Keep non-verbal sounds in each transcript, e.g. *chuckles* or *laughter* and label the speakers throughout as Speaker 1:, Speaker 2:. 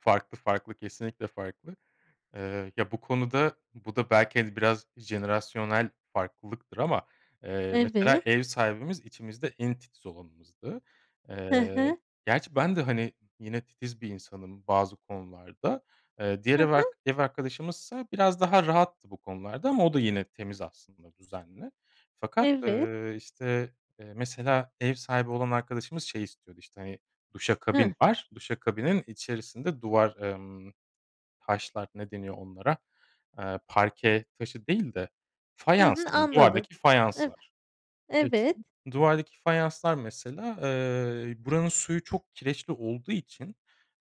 Speaker 1: Farklı, farklı, kesinlikle farklı. Iıı, ya, bu konuda, bu da belki, hani, biraz jenerasyonel farklılıktır, ama, ııı, mesela,
Speaker 2: Evet.
Speaker 1: ev sahibimiz, içimizde en titiz olanımızdı.
Speaker 2: He he.
Speaker 1: Iıı, gerçi ben de, hani, yine titiz bir insanım bazı konularda. Iıı, diğer
Speaker 2: Hı
Speaker 1: ev
Speaker 2: hı.
Speaker 1: ark ev arkadaşımızsa, biraz daha rahattı bu konularda, ama o da, yine temiz aslında, düzenli. Fakat,
Speaker 2: Evet.
Speaker 1: ııı, işte, eee, mesela ev sahibi olan arkadaşımız, şey istiyordu, işte, hani, duşakabin
Speaker 2: Hıh.
Speaker 1: var. Duşakabinin içerisinde duvar, ımm, taşlar ne deniyor onlara, ııı, parke taşı değil de,
Speaker 2: Hı
Speaker 1: fayans
Speaker 2: hı,
Speaker 1: diyeyim,
Speaker 2: anladım.
Speaker 1: duvardaki
Speaker 2: Hıh.
Speaker 1: fayanslar. *unintelligible* Evet,
Speaker 2: Evet.
Speaker 1: duvardaki fayanslar mesela, ııı, buranın suyu çok kireçli olduğu için,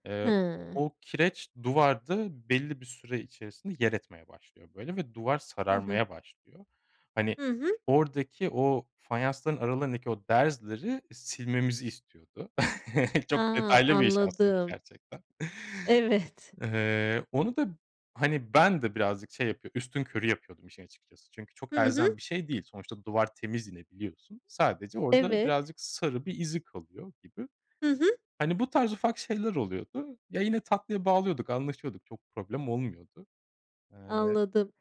Speaker 1: eee,
Speaker 2: Hıı.
Speaker 1: o kireç, duvarda belli bir süre içerisinde yer etmeye başlıyor böyle, ve duvar
Speaker 2: Hı hı.
Speaker 1: sararmaya başlıyor. Hani,
Speaker 2: Hı hı.
Speaker 1: oradaki o, fayansların aralarındaki o derzleri, silmemizi istiyordu. *chuckles* Çok
Speaker 2: A,
Speaker 1: detaylı bir iş aslında
Speaker 2: anladım.
Speaker 1: gerçekten.
Speaker 2: Evet.
Speaker 1: Iıı, onu da, hani, ben de birazcık şey yapıyor, üstünkörü yapıyordum işin açıkçası. Çünkü, çok
Speaker 2: Hı hı.
Speaker 1: elzem bir şey değil. Sonuçta duvar temiz yine biliyorsun. Sadece orada
Speaker 2: Evet.
Speaker 1: birazcık sarı bir izi kalıyor gibi.
Speaker 2: Hı hı.
Speaker 1: Hani, bu tarz ufak şeyler oluyordu. Ya, yine tatlıya bağlıyorduk, anlaşıyorduk. Çok problem olmuyordu. Iıı
Speaker 2: Anladım.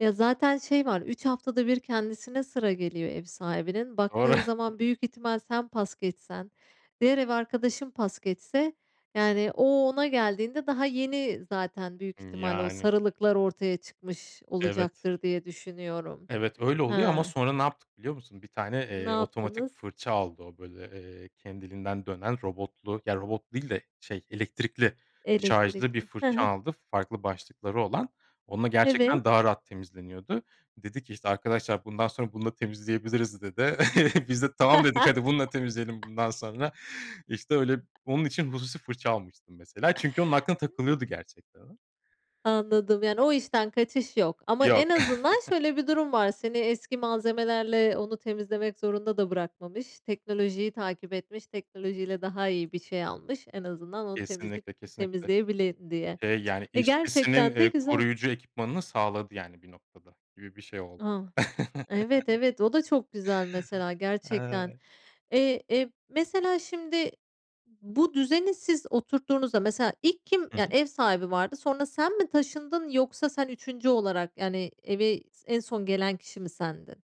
Speaker 2: Ya, zaten şey var, 3 haftada 1 kendisine sıra geliyor ev sahibinin,
Speaker 1: Doğru.
Speaker 2: baktığın zaman, büyük ihtimal, sen pas geçsen, diğer ev arkadaşım pas geçse, yani o, ona geldiğinde daha yeni zaten büyük
Speaker 1: Hımm,
Speaker 2: ihtimalle o
Speaker 1: yani.
Speaker 2: sarılıklar, ortaya çıkmış
Speaker 1: Evet.
Speaker 2: olacaktır diye düşünüyorum.
Speaker 1: Evet, öyle oluyor ama,
Speaker 2: Hıı.
Speaker 1: sonra ne yaptık biliyor musun? Bir tane,
Speaker 2: Ne
Speaker 1: eee, otomatik
Speaker 2: yaptınız?
Speaker 1: fırça aldı o, böyle, ııı, kendiliğinden dönen, robotlu ya robotlu değil de, şey, elektrikli, şarjlı bir
Speaker 2: Elektrikli. Hı
Speaker 1: fırça
Speaker 2: hı.
Speaker 1: aldı, farklı başlıkları olan. Onunla
Speaker 2: Evet.
Speaker 1: gerçekten daha rahat temizleniyordu. Dedi ki "İşte arkadaşlar, bundan sonra bununla temizleyebiliriz." dedi. *chuckles* Biz de "Tamam." dedik, hadi bununla temizleyelim bundan sonra. İşte öyle,
Speaker 2: *chuckles*
Speaker 1: onun için hususi fırça almıştı mesela. Çünkü, onun aklına takılıyordu gerçekten o.
Speaker 2: Anladım, yani o işten kaçış yok, ama
Speaker 1: Yok.
Speaker 2: en azından
Speaker 1: *chuckles*
Speaker 2: şöyle bir durum var, seni eski malzemelerle onu temizlemek zorunda da bırakmamış, teknolojiyi takip etmiş, teknolojiyle daha iyi bir şey almış. En azından onu temizleyip
Speaker 1: Kesinlikle, kesinlikle.
Speaker 2: temizleyebilin diye.
Speaker 1: Eee, yani,
Speaker 2: Eee,
Speaker 1: işçisinin,
Speaker 2: gerçekten de
Speaker 1: eee,
Speaker 2: güzel.
Speaker 1: koruyucu ekipmanını sağladı yani bir noktada, gibi bir şey oldu.
Speaker 2: A, Evet, evet, o da çok güzel mesela
Speaker 1: *chuckles*
Speaker 2: gerçekten.
Speaker 1: Ay.
Speaker 2: Eee, e, mesela, şimdi bu düzeni siz oturttuğunuzda, mesela, ilk kim,
Speaker 1: Hı
Speaker 2: yani
Speaker 1: hı.
Speaker 2: ev sahibi vardı, sonra sen mi taşındın, yoksa sen 3. olarak yani, eve, en son gelen kişi mi sendin?